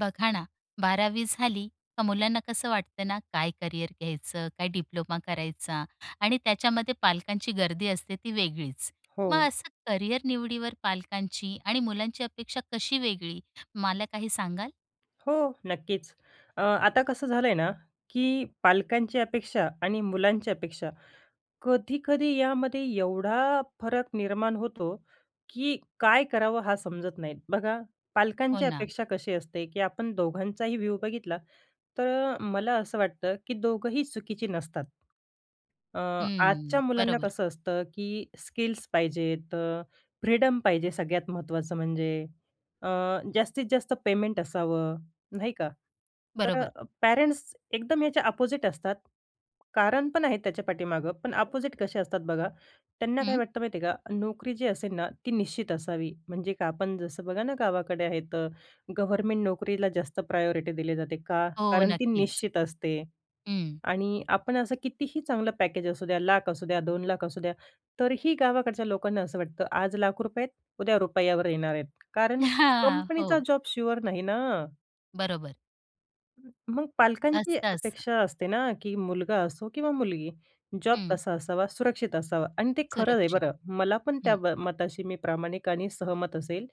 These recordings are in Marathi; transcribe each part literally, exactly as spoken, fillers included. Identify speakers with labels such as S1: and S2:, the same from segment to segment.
S1: बघा ना, बारावी झाली का मुलांना कसं वाटत ना काय करियर घ्यायचं? काय डिप्लोमा करायचा? आणि त्याच्यामध्ये पालकांची गर्दी असते ती वेगळीच.
S2: हो.
S1: मग असं करियर निवडीवर पालकांची आणि मुलांची अपेक्षा कशी वेगळी, मला काही सांगाल?
S2: हो, नक्कीच. अ, आता कसं झालंय ना, की पालकांची अपेक्षा आणि मुलांची अपेक्षा कधी-कधी यामध्ये एवढा फरक निर्माण होतो की काय करावं हा समजत नाहीत. बघा,
S1: हो
S2: पालकांची
S1: ना.
S2: अपेक्षा कशी असते की आपण दोघांचाही व्ह्यू बघितला, तर मला असं वाटतं की दोघंही चुकीचे नसतात. अ, आजच्या
S1: हम्म,
S2: मुलांना
S1: बरोबर.
S2: कसं असतं की स्किल्स पाहिजेत. अ, फ्रीडम पाहिजे सगळ्यात महत्त्वाचं म्हणजे. अ, जास्तीत-जास्त पेमेंट असावं, नाही का? तर,
S1: बरोबर.
S2: पॅरेंट्स एकदम याच्या अपोझिट असतात. कारण पण आहेत त्याच्या पाठीमागं. पण अपोझिट कसे असतात बघा, त्यांना काय
S1: हं.
S2: वाटतं माहिती आहे का? नोकरी जी असेल ना ती निश्चित असावी. म्हणजे का? आपण जसं बघा ना गावाकडे आहेत गव्हर्नमेंट नोकरीला जास्त प्रायोरिटी दिली जाते, का?
S1: हो,
S2: कारण ती
S1: नक्कीच.
S2: निश्चित असते
S1: हं.
S2: आणि आपण असं कितीही चांगलं पॅकेज असू द्या लाख असू द्या, दोन लाख असू द्या. तरीही गावाकडच्या लोकांना असं वाटतं, आज लाख रुपये आहेत उद्या रुपयावर येणार आहेत. कारण कंपनीचा
S1: हो.
S2: जॉब शुअर नाही ना.
S1: बरोबर.
S2: हं, मग पालकांची
S1: असतं, असं.
S2: अपेक्षा असते ना, की मुलगा असो किंवा मुलगी, जॉब
S1: हं.
S2: कसा असावा, सुरक्षित असावा आणि ते खरं आहे
S1: सुरक्षित,
S2: बरं. मला पण त्या
S1: हं.
S2: म मताशी मी प्रामाणिक आणि सहमत असेल,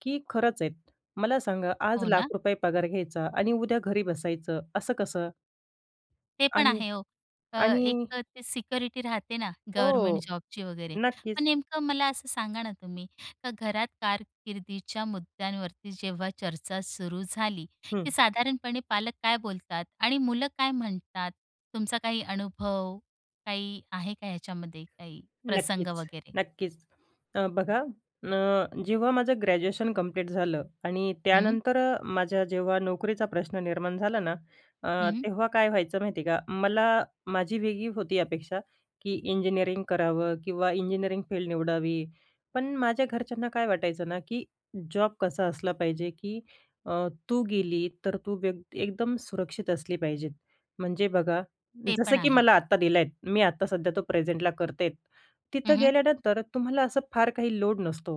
S2: की खरंच आहेत. मला सांगा आज
S1: हो ना?
S2: लाख रुपये पगार घ्यायचा आणि उद्या घरी बसायचं असं कसं?
S1: ते पण
S2: आणि,
S1: आहे ओ, अ,
S2: आणि
S1: एक तर, ते सिक्युरिटी राहतेना गव्हर्नमेंट
S2: हो,
S1: जॉबची वगैरे.
S2: नक्कीच.
S1: पण नेमकं मला असं सांगाना, तुम्ही का घरात कारकिर्दीच्या मुद्द्यांवरती जेव्हा चर्चा सुरू झाली, की
S2: हं.
S1: साधारणपणे पालक काय बोलतात? आणि मुलं काय म्हणतात? तुमचा काही अनुभव, काही आहे का याच्यामध्ये? काही प्रसंग
S2: नक्कीच,
S1: वगैरे?
S2: नक्कीच. तर बघा ना, जेव्हा माझं ग्रॅज्युएशन कंप्लीट झालं आणि
S1: हं.
S2: त्यानंतर अ, माझ्या जेव्हा नोकरीचा प्रश्न निर्माण झाला ना. अ,
S1: हं.
S2: तेव्हा काय व्हायचं माहिती आहे का? मला माझी वेगळी होती अपेक्षा की, इंजिनिअरिंग करावं किंवा इंजिनियरिंग फील्ड निवडावी. पण माझ्या घरच्यांना काय वाटायचंना, की जॉब कसा असला पाहिजे, की अ, तू गेली तर तू वेग एकदम सुरक्षित असली पाहिजेत. म्हणजे बघा
S1: ते पण
S2: जसं, की
S1: आहे.
S2: मला आत्ता दिल आहेत. मी आता सध्या तो प्रेझेंटला करते.
S1: हं,
S2: तिथं
S1: हं.
S2: गेल्यानंतर तुम्हाला असं फार काही लोड नसतो.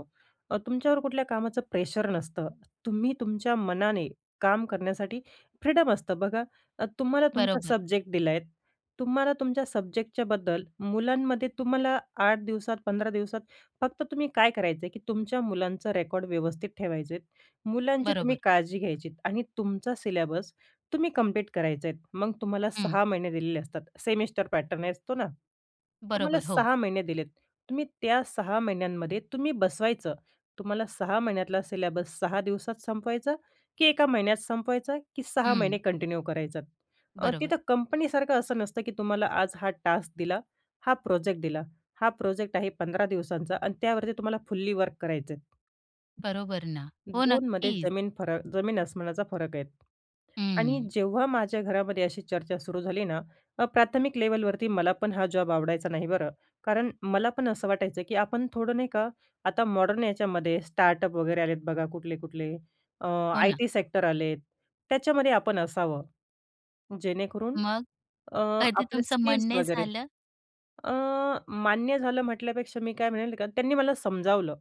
S2: अ, तुमच्यावर कुठल्या कामाचं प्रेशर नसतं. तुम्ही तुमच्या मनाने, काम करण्यासाठी फ्रीडम असतं. बघा तुम्हाला तुमचा
S1: बरोबर.
S2: सब्जेक्ट दिला आहेत. तुम्हाला तुमच्या सब्जेक्टच्याबद्दल मुलांमध्ये तुम्हाला आठ दिवसात, पंधरा दिवसात, फक्त तुम्ही काय करायचं आहे, की तुमच्या मुलांचं रेकॉर्ड व्यवस्थित ठेवायचे आहेत. मुलांची तुम्ही
S1: बरोबर.
S2: काळजी घ्यायची आणि तुमचा सिलेबस तुम्ही कम्प्लीट करायचे आहेत. मग तुम्हाला
S1: हं.
S2: सहा महिने दिलेले असतात. सेमिस्टर पॅटर्न असतो ना, तुम्हाला
S1: बरोबर, हो.
S2: सहा महिने दिलेत. तुम्ही त्या सहा महिन्यांमध्ये तुम्ही बसवायचं. तुम्हाला सहा महिन्यातला सिलेबस सहा दिवसात संपवायचा, की एका महिन्यात संपवायचा, की सहा महिने
S1: हं.
S2: कंटिन्यू करायचा. अ,
S1: बरोबर.
S2: तिथं कंपनीसारखं असं नसतं, की तुम्हाला आज हा टास्क दिला, हा प्रोजेक्ट दिला, हा प्रोजेक्ट आहे पंधरा दिवसांचा आणि त्यावरती तुम्हाला फुल्ली वर्क करायचे आहेत.
S1: बरोबर ना, हो
S2: दोनमध्ये
S1: नक्कीच.
S2: जमीन फरक जमीन आसमानाचा फरक आहेत. आणि
S1: हं.
S2: जेव्हा माझ्या घरामध्ये अशी चर्चा सुरू झाली ना, तेव्हा प्राथमिक लेवलवरती, मला पण हा जॉब आवडायचा नाही बरं. कारण मला पण असं वाटायचं की आपण थोडं नाही का आता मॉडर्न याच्यामध्ये स्टार्टअप वगैरे आलेत बघा कुठले-कुठले. अ,
S1: हो
S2: आय
S1: ना.
S2: टी सेक्टर आलेत, त्याच्यामध्ये आपण असावं, जेणेकरून
S1: मग?
S2: अ,
S1: कधी
S2: आपले
S1: तुमचं
S2: स्किल्स
S1: मन नाही
S2: वगैरे
S1: झालं?
S2: अ, मान्य झालं म्हटल्यापेक्षा मी काय म्हणेल का त्यांनी मला समजावलं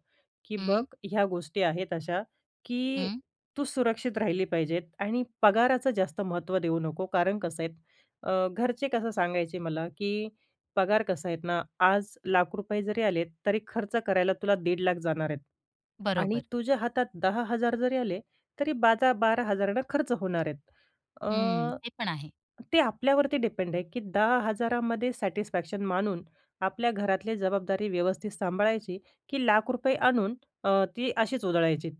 S2: की "बघ
S1: हं.
S2: ह्या गोष्टी आहेत अशा की
S1: हं.
S2: तू सुरक्षित राहिली पाहिजेत आणि पगाराचं जास्त महत्त्व देऊ नको." कारण कसं आहेत, अ, घरचे कसं सांगायचे मला की पगार कसं आहेत ना, आज लाख रुपये जरी आलेत तरी खर्च करायला तुला दीड लाख जाणार आहेत आणि
S1: बरोबर.
S2: तुझ्या हातात दहा हजार जरी आले, तरी बाजा बारा हजारा नं खर्च होणार आहेत.
S1: हं,
S2: अ,
S1: ते पण आहे.
S2: ते आपल्यावरती डिपेंड आहे की दहा हजारा मध्ये सॅटिस्फॅक्शन मानून आपल्या घरातली जबाबदारी व्यवस्थित सांभाळायची की लाख रुपये आणून अ, ती अशीच उधळायचीत.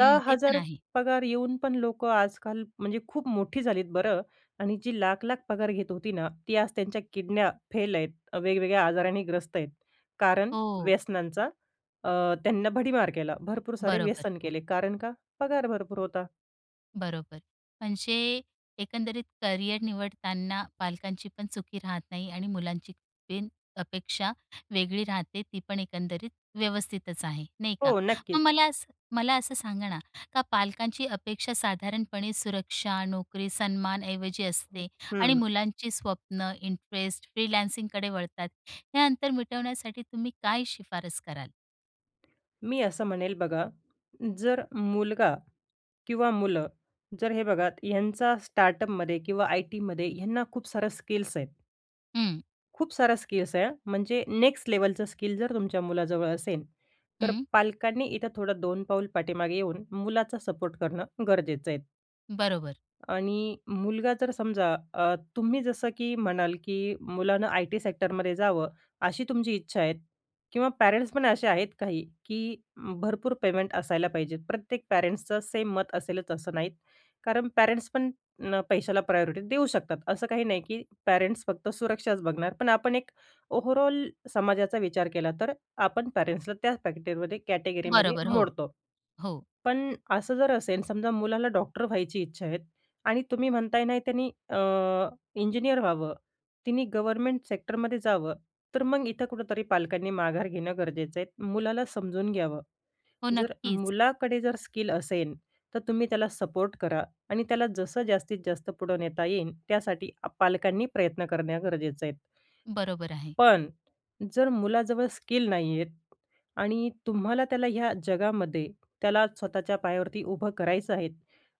S2: दहा
S1: ते पण
S2: हजार
S1: आहे.
S2: पगार येऊन पण लोकं आजकाल म्हणजे खूप मोठी झालीत बरं आणि जी लाख-लाख पगार घेत होती ना, ती आज त्यांच्या किडन्या फेल आहेत. वेगवेगळ्या आजाराने ग्रस्त आहेत. कारण
S1: हो.
S2: व्यसनांचा अ, त्यांना भडिमार केला, भरपूर सारे
S1: बरोबर,
S2: व्यसन
S1: हो.
S2: केले कारण का पगार भरपूर होता.
S1: बरोबर म्हणजे एकंदरीत करिअर निवडताना पालकांची पण चुकी राहत नाही आणि मुलांची पण अपेक्षा वेगळी राहते, ती पण एकंदरीत व्यवस्थितच आहे, नाही का?
S2: हो नक्कीच.
S1: मग मला असं मला असं सांगा ना, का पालकांची अपेक्षा साधारणपणे सुरक्षा, नोकरी, सन्मान ऐवजी असते आणि
S2: हम्म.
S1: मुलांची स्वप्नं इंटरेस्ट फ्रीलान्सिंगकडे वळतात. हे अंतर मिटवण्यासाठी तुम्ही काय सिफारिश कराल?
S2: मी असं म्हणेल बघा, जर मुलगा किंवा मुलं जर हे बघा ह्यांचा स्टार्टअपमधे किंवा आय. टी.मधे ह्यांना खूप सारं स्किल्स आहेत.
S1: हं.
S2: खूप साऱ्या स्किल्स आहे म्हणजे नेक्स्ट लेवलचं स्किल जर तुमच्या मुलाजवळ असेल तर
S1: हं.
S2: पालकांनी इथं थोडं दोन पाऊल पाठीमागे येऊन मुलाचा सपोर्ट करणं गरजेचं आहे.
S1: बरोबर.
S2: आणि मुलगा जर समजा अ, तुम्ही जसं की म्हणाल की, "मुलानं आय. टी. सेक्टरमध्ये जावं." अशी तुमची इच्छा आहे किंवा पॅरेंट्स पण असे आहेत काही की भरपूर पेमेंट असायला पाहिजेत. प्रत्येक पॅरेंट्सचं सेम मत असेलच असं नाहीत. कारण पॅरेंट्स पण पैशाला प्रायोरिटी देऊ शकतात.असं काही नाही की पॅरेंट्स फक्त सुरक्षाच बघणार. पण आपण एक ओव्हरऑल समाजाचा विचार केला तर आपण पॅरेंट्सला त्याच पॅकेटमध्ये, कॅटेगरीमध्ये
S1: बरोबर हो,
S2: मोडतो.
S1: हो.
S2: पण असं जर असेल समजा मुलाला डॉक्टर व्हायची इच्छा आहे आणि तुम्ही म्हणताय ना त्यांनी अ, इंजिनियर व्हावं त्यांनी गव्हर्नमेंट सेक्टरमध्ये जावं. तर मग इथं कुठेतरी पालकांनी माघार घेणं गरजेचं आहे. मुलाला समजून घ्यावं.
S1: हो,
S2: जर
S1: नक्कीच.
S2: मुलाकडे जर स्किल असेल तर तुम्ही त्याला सपोर्ट करा आणि त्याला जसं जास्तीत-जास्त पुढं नेता येईल त्यासाठी पालकांनी प्रयत्न करणे गरजेचे आहेत.
S1: बरोबर आहे.
S2: पण जर मुलाजवळ स्किल नाहीयेत आणि तुम्हाला त्याला ह्या जगामध्ये त्याला स्वतःच्या पायावरती उभं करायचं आहे.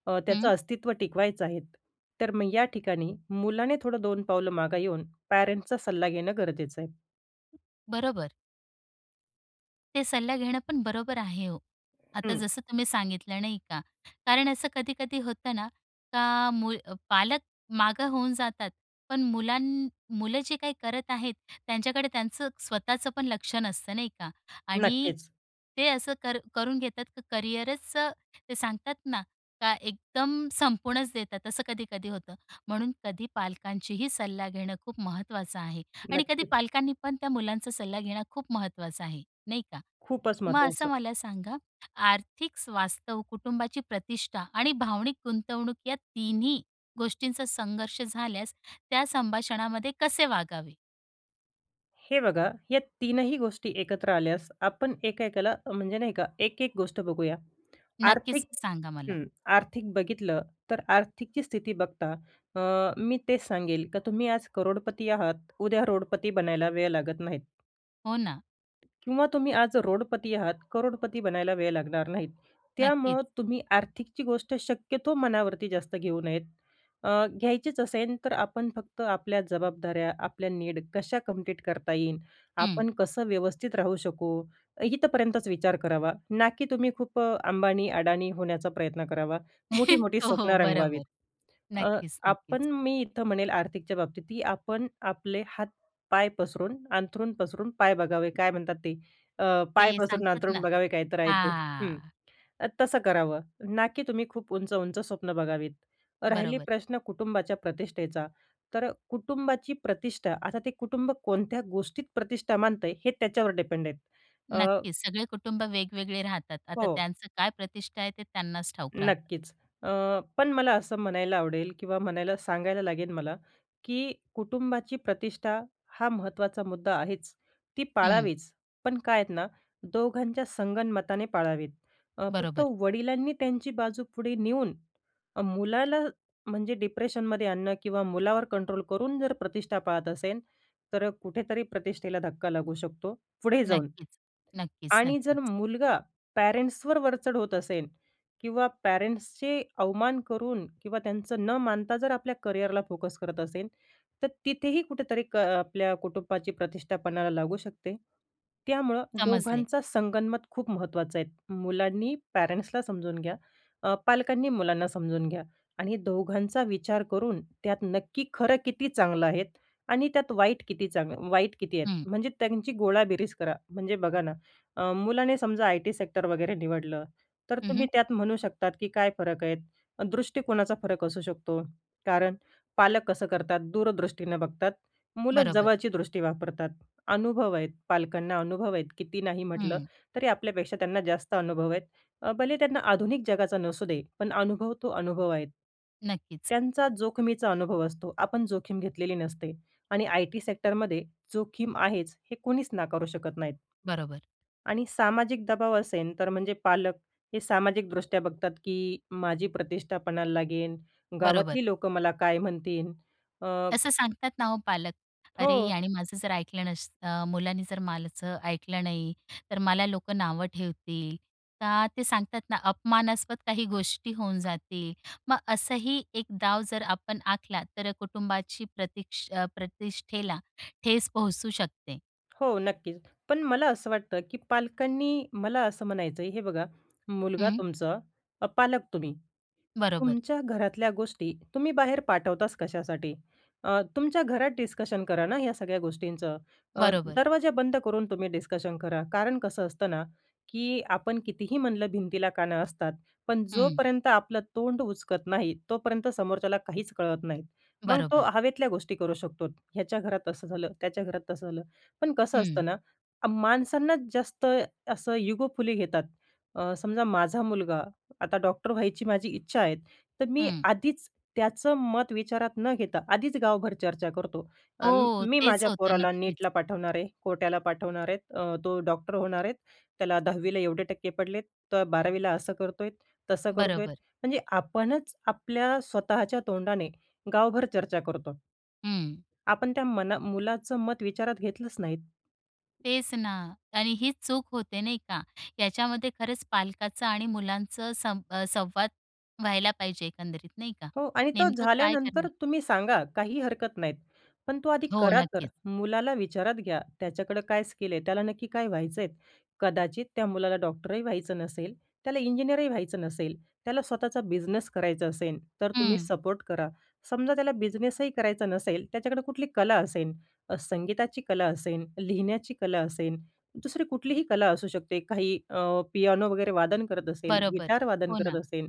S2: अ, त्याचं
S1: हं.
S2: अस्तित्व टिकवायचं आहे. तर मग या ठिकाणी मुलाने दोन पावलं मागे येऊन पॅरेंट्सचा सल्ला घेणं गरजेचं आहे.
S1: बरोबर. ते सल्ला घेणं पण बरोबर आहे हो. आता
S2: हं.
S1: जसं तुम्ही सांगितलं नाही का. कारण असं कधी-कधी होतं ना का, मुल पालक मागं होऊन जातात. पण मुलांना मुलं जी काही करत आहेत, त्यांच्याकडे त्यांचं स्वतःचं पण लक्ष नसतं नाही का आणि
S2: नक्कीच.
S1: ते असं कर करून घेतात, की करियरच ते सांगतात ना, का एकदम संपूनच देतात असं कधी-कधी होतं. म्हणून कधी पालकांचीही सल्ला घेणं खूप महत्त्वाचं आहे आणि कधी
S2: नक्कीच.
S1: पालकांनी पण त्या मुलांचा सल्ला घेणं खूप महत्त्वाचं आहे, नाही का?
S2: खूपच
S1: मग असं
S2: महत्त्वाचं.
S1: मला सांगा आर्थिक स्वास्थ्य, कुटुंबाची प्रतिष्ठा आणि भावनिक गुंतवणूक या तिन्ही गोष्टींचा संघर्ष झाल्यास, त्या संभाषणामध्ये कसे वागावे?
S2: हे बघा. या तीनही गोष्टी एकत्र आल्यास आपण एका-एकाला म्हणजे नाही का एक-एक गोष्ट बघूया.
S1: नक्कीच,
S2: आर्थिक
S1: सांगा मला?
S2: हं, आर्थिक बघितलं तर आर्थिकची स्थिती बघता, अ, मी तेच सांगेल का तुम्ही आज करोडपती आहात उद्या रोडपती बनायला वेळ लागत नाहीत.
S1: हो ना.
S2: किंवा तुम्ही आज रोडपती आहात, करोडपती बनायला वेळ लागणार नाहीत.
S1: नक्कीच.
S2: त्यामुळं तुम्ही आर्थिकची गोष्ट शक्यतो मनावरती जास्त घेऊ नयेत. अ, घ्यायचीच असेल तर आपण फक्त आपल्या जबाबदाऱ्या, आपल्या नीड कशा कंप्लीट करता येईल?
S1: हं.
S2: आपण कसं व्यवस्थित राहू शकू? इथपर्यंतच विचार करावा. ना की तुम्ही खूप अंबानी, अडाणी होण्याचा प्रयत्न करावा, मोठी-मोठी
S1: हो, हो,
S2: स्वप्न रंगवावीत.
S1: बरोबर,
S2: अ, आपण
S1: नक्कीच-नक्कीच.
S2: मी इथं म्हणेल आर्थिकच्या बाबतीत ही आपण आपले हात-पाय पसरून, अंथरून पसरून पाय बघावे, काय म्हणतात ते? अ, पाय
S1: ते
S2: पसरून
S1: सांगतात ना
S2: अंथरून बघावे, काही तर आहे ते, हं,
S1: हां.
S2: ते तसं करावं. ना की तुम्ही खूप उंच-उंच स्वप्न बघावीत. राहिले
S1: बरोबर.
S2: प्रश्न कुटुंबाच्या प्रतिष्ठेचा, तर कुटुंबाची प्रतिष्ठा आता ते कुटुंब कोणत्या गोष्टीत प्रतिष्ठा मानतंय? हे त्याच्यावर डिपेंड आहे. अ
S1: नक्कीच, सगळे कुटुंब वेगवेगळे राहतात. आता
S2: हो.
S1: त्यांचं काय प्रतिष्ठा आहे, ते त्यांनाच ठाऊक राहतं.
S2: नक्कीच, अ, पण मला असं म्हणायला आवडेल किंवा म्हणायला सांगायला लागेल मला की कुटुंबाची प्रतिष्ठा हा महत्त्वाचा मुद्दा आहेच, ती
S1: हं.
S2: पाळावीच. पण काय आहेत ना? दोघांच्या संगनमताने पाळावेत. अ, फक्त
S1: बरोबर.
S2: वडिलांनी त्यांची बाजू पुढे नेऊन अ, मुलाला म्हणजे डिप्रेशनमध्ये आणणं किंवा मुलावर कंट्रोल करून जर प्रतिष्ठा पाळत असेन, तर कुठेतरी प्रतिष्ठेला धक्का लागू शकतो, पुढे जाऊन
S1: नक्कीच,
S2: आणि जर
S1: नक्कीच-नक्कीच.
S2: मुलगा पॅरेंट्सवर वरचढ होत असेल किंवा पॅरेंट्सचे अवमान करून किंवा त्यांच न मानता जर आपल्या करिअरला फोकस करत असेन, तर तिथेही कुठेतरी क आपल्या कुटुंबाची प्रतिष्ठा पणाला लागू शकते. त्यामुळं
S1: समजले.
S2: दोघांचा संगनमत खूप महत्त्वाचं आहे. मुलांनी पॅरेंट्सला समजून घ्या, अ, पालकांनी मुलांना समजून घ्या आणि दोघांचा विचार करून त्यात नक्की खरं किती चांगलं आहे आणि त्यात वाईट किती? चांगलं वाईट किती आहेत?
S1: हं.
S2: म्हणजे त्यांची गोळाबेरीज करा. म्हणजे बघा ना, अ, मुलाने समजा आय-टी सेक्टर वगैरे निवडलं, तर
S1: हं,
S2: तुम्ही
S1: हं.
S2: त्यात म्हणू शकतात, की काय फरक आहेत? दृष्टिकोनाचा फरक असू शकतो. कारण पालक कसं करतात? दूरदृष्टीनं बघतात, मुलं
S1: बरोबर.
S2: जवळची दृष्टी वापरतात. अनुभव आहेत पालकांना, अनुभव आहेत, किती नाही म्हटलं
S1: हं.
S2: तरी आपल्यापेक्षा त्यांना जास्त अनुभव आहेत. अ, भले त्यांना आधुनिक जगाचा नसू दे, पण अनुभव तो अनुभव आहेत.
S1: नक्कीच.
S2: त्यांचा जोखमीचा अनुभव असतो, आपण जोखीम घेतलेली नसते आणि आय-टी सेक्टरमधे जोखीम आहेच, हे कुणीच नाकारू शकत नाहीत.
S1: बरोबर.
S2: आणि सामाजिक दबाव असेन, तर म्हणजे पालक हे सामाजिकदृष्ट्या बघतात, की माझी प्रतिष्ठा पणाला लागेन,
S1: बरोबर.
S2: गावातली लोकं मला काय म्हणतीन? अ
S1: असं सांगतात ना हो पालक. अरे,
S2: हो.
S1: यानी माझं जर ऐकलं नसतं मुलांनी जर मालज ऐकलं नाही तर मला लोकं नावं ठेवतील. का ते सांगतात ना अपमानास्पद काही गोष्टी होऊन जातील. मग असंही एक डाव जर आपण आखला तर कुटुंबाची प्रतिक्ष प्रतिष्ठेला ठेच पोहोचू शकते.
S2: हो, नक्की. पण मला असं वाटतं की पालकांनी मला असं म्हणायचंय हे बघा, मुलगा
S1: हं.
S2: तुमचं, पालक तुम्ही,
S1: बरोबर.
S2: तुमच्या घरातल्या गोष्टी बाहेर पाठवताच, कशासाठी? अ, तुमच्या घरात डिस्कशन करा ना या सगळ्या गोष्टींच. अ,
S1: बरोबर.
S2: दरवाजा बंद करून तुम्ही डिस्कशन करा. कारण कसं असतं ना? की आपण कितीही म्हणलं, भिंतीला कान असतात, पण
S1: हं.
S2: जोपर्यंत आपलं तोंड उचकत नाही, तोपर्यंत समोरच्याला काहीच कळत नाहीत. मग तो
S1: बरोबर.
S2: हवेतल्या गोष्टी करू शकतो. ह्याच्या घरात असं झालं, त्याच्या घरात तसं झालं. पण कसं असतं
S1: हं.
S2: ना, अ, माणसांना जास्त असं इगोफुली घेतात. अ, समजा, माझा मुलगा आता डॉक्टर व्हायची माझी इच्छा आहे, तर मी
S1: हं.
S2: आधीच त्याचं मत विचारात न घेता, आधीच गावभर चर्चा करतो. अ,
S1: हो,
S2: मी
S1: तेच
S2: माझ्या
S1: होतं
S2: पोराला
S1: नक्कीच.
S2: नेटला पाठवणार आहे, कोट्याला पाठवणार आहे, अ, तो डॉक्टर होणार आहेत, त्याला दहावीला एवढे टक्के पडलेत, तर बारावीला असं करतोय, तसं करतोय.
S1: बरोबर.
S2: म्हणजे आपणच आपल्या स्वतःच्या तोंडाने गावभर चर्चा करतो.
S1: हं.
S2: आपण त्या मना मुलाचं मत विचारात घेतलंच नाहीत.
S1: तेच ना कारण हीच चूक होते, नाही का? याच्यामध्ये खरंच पालकांचा आणि मुलांचं सं संवाद व्हायला पाहिजे एकंदरीत नाही का?
S2: हो आणि तो
S1: नेमकं काय
S2: झाल्यानंतर
S1: करेल?
S2: तुम्ही सांगा. काही हरकत नाहीत पण तो आधी
S1: हो
S2: करा तर.
S1: नक्कीच.
S2: मुलाला विचारात घ्या, त्याच्याकडं काय स्किल आहे? त्याला नक्की काय व्हायचंय? कदाचित त्या मुलाला डॉक्टरही व्हायचं नसेल, त्याला इंजिनिअरही व्हायचं नसेल. त्याला स्वतःचा बिझनेस करायचा असेन, तर तुम्ही
S1: हं.
S2: सपोर्ट करा. समजा त्याला बिझनेसही करायचा नसेल त्याच्याकडे कुठली कला असेल, संगीताची कला असेल लिहिण्याची कला असेल, दुसरी कुठलीही कला असू शकते. काही अ, पियानो वगैरे वादन करत असेल,
S1: बरोबर,
S2: गिटार वादन
S1: हो
S2: करत
S1: ना.
S2: असेल,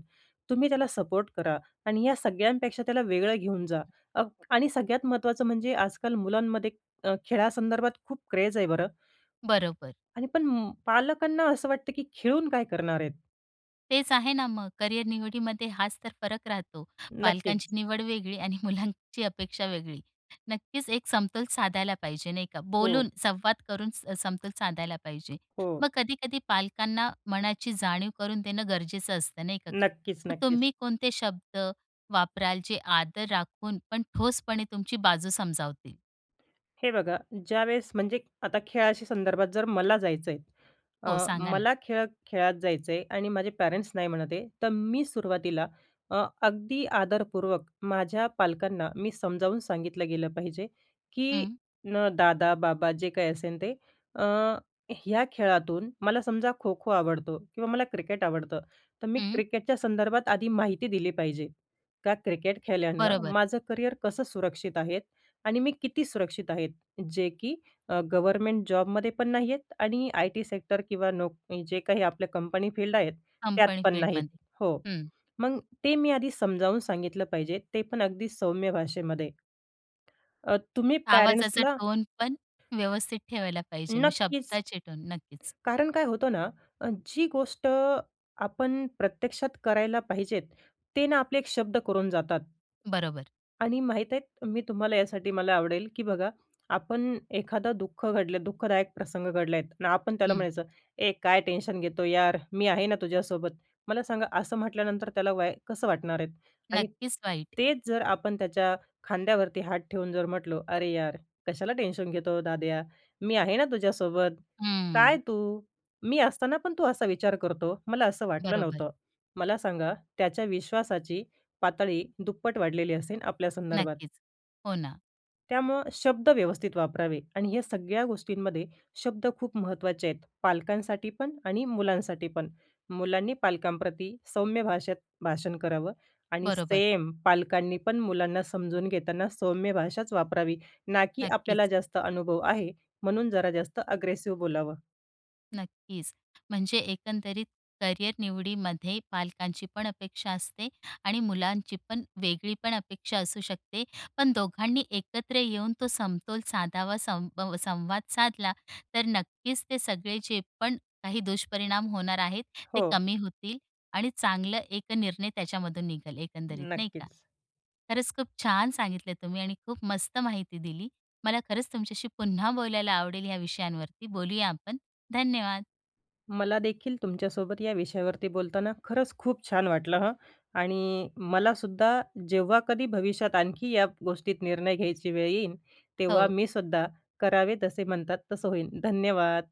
S2: तुम्ही त्याला सपोर्ट करा आणि या सगळ्यांपेक्षा त्याला वेगळं घेऊन जा अग आणि सगळ्यात महत्त्वाचं म्हणजे आजकाल मुलांमध्ये अ, खेळासंदर्भात खूप क्रेझ आहे बरं
S1: बरोबर.
S2: आणि पण पालकांना असं वाटतं की खेळून काय करणार आहेत?
S1: तेच आहे ना मग करियर निवडीमध्ये हाच तर फरक राहतो.
S2: नक्कीच.
S1: पालकांची निवड वेगळी आणि मुलांची अपेक्षा वेगळी. नक्कीच, एक समतोल साधायला पाहिजे, नाही का?
S2: हो.
S1: बोलून, संवाद करून स समतोल साधायला पाहिजे.
S2: हो.
S1: मग कधी-कधी पालकांना मनाची जाणीव करून देणं गरजेचं असतं, नाही का?
S2: नक्कीच,
S1: मग
S2: नक्कीच.
S1: तुम्ही कोणते शब्द वापराल, जे आदर राखून पण ठोसपणे तुमची बाजू समजावतील?
S2: हे बघा, ज्यावेळेस म्हणजे आता खेळाशी संदर्भात, जर मला जायचं आहे.
S1: हो,
S2: अ,
S1: सांगा ना?
S2: मला खेळत खेळात जायचं आहे आणि माझे पॅरेंट्स नाही म्हणत आहे, तर मी सुरुवातीला अ, अगदी आदरपूर्वक माझ्या पालकांना मी समजावून सांगितलं गेलं पाहिजे की
S1: हं.
S2: न दादा, बाबा, जे काही असेल ते, अ, ह्या खेळातून मला समजा, खो-खो आवडतो किंवा मला क्रिकेट आवडतं, तर मी
S1: हं.
S2: क्रिकेटच्या संदर्भात आधी माहिती दिली पाहिजे. का क्रिकेट खेळल्यानं
S1: बरोबर.
S2: माझं करियर कसं सुरक्षित आहे आणि मी किती सुरक्षित आहेत. जे की अ, गव्हर्नमेंट जॉबमध्ये पण नाहीयेत आणि आय टी सेक्टर किंवा नोक जे काही आपल्या कंपनी फील्ड आहेत, त्यात
S1: कंपनी
S2: पण नाहीत.
S1: फील्डमध्ये.
S2: हो,
S1: हं.
S2: मग ते मी आधी समजावून सांगितलं पाहिजे, ते पण अगदी सौम्य भाषेमध्ये. अ, तुम्ही
S1: आवाजाचा
S2: पॅरेंट्सला
S1: टोन पण व्यवस्थित ठेवायला पाहिजे. मग
S2: नक्कीच.
S1: शब्दाचे टोन. नक्कीच.
S2: कारण काय होतं ना, अ, जी गोष्ट आपण प्रत्यक्षात करायला पाहिजे, ते ना आपले एक शब्द करून जातात.
S1: बरोबर.
S2: आणि माहीत आहे, मी तुम्हाला यासाठी मला आवडेल की बघा, आपण एखादा दुःख घडलं, दुःखदायक प्रसंग घडले आहेत आणि आपण त्याला
S1: हं.
S2: म्हणायचं, “ए, काय टेन्शन घेतो यार, मी आहे ना तुझ्यासोबत." मला सांगा, असं म्हटल्यानंतर, त्याला वाय कसं वाटणार आहे? आणि
S1: नक्कीच वाईट.
S2: तेच जर आपण त्याच्या खांद्यावरती हात ठेवून जर म्हटलो, “अरे यार, कशाला टेन्शन घेतो, दाद्या, मी आहे ना तुझ्यासोबत, काय
S1: हं.
S2: तू? मी असताना पण तू असा विचार करतो? मला असं वाटलं
S1: बरोबर.
S2: नव्हतं." मला सांगा, त्याच्या विश्वासाची पातळी दुप्पट वाढलेली असेन आपल्यासंदर्भात.
S1: नक्कीच, हो ना.
S2: त्यामुळं शब्द व्यवस्थित वापरावे आणि या सगळ्या गोष्टींमध्ये शब्द खूप महत्त्वाचे आहेत. पालकांसाठी पण आणि मुलांसाठी पण. मुलांनी पालकांप्रती सौम्य भाषेत भाषण करावं आणि
S1: बरोबर.
S2: सेम पालकांनी पण मुलांना समजून घेताना सौम्य भाषाच वापरावी. ना की आपल्याला
S1: नक्कीच.
S2: जास्त अनुभव आहे म्हणून जरा जास्त अग्रेसिव बोलावं.
S1: नक्कीच म्हणजे एकंदरीत करिअर निवडीमध्ये पालकांची पण अपेक्षा असते आणि मुलांची पण वेगळी पण अपेक्षा असू शकते. पण दोघांनी एकत्र येऊन तो समतोल साधावा, संब संवाद साधला तर नक्कीच ते सगळे जे पण काही दुष्परिणाम होणार आहेत, ते
S2: हो.
S1: कमी होतील आणि चांगलं एक निर्णय त्याच्यामधून निघल एकंदरीत नाही का.
S2: नक्कीच.
S1: खरंच खूप छान सांगितले तुम्ही आणि खूप मस्त माहिती दिली. मला खरंच तुमच्याशी पुन्हा बोलायला आवडेल या विषयांवरती. बोलूया आपण, धन्यवाद.
S2: मलादेखील तुमच्यासोबत या विषयावरती बोलताना खरंच खूप छान वाटलं हं आणि मलासुद्धा जेव्हा कधी भविष्यात आणखी या गोष्टीत निर्णय घ्यायची वेळ येईल, तेव्हा
S1: हो.
S2: मीसुद्धा, 'करावे तसे' म्हणतात. तसं होईन. धन्यवाद.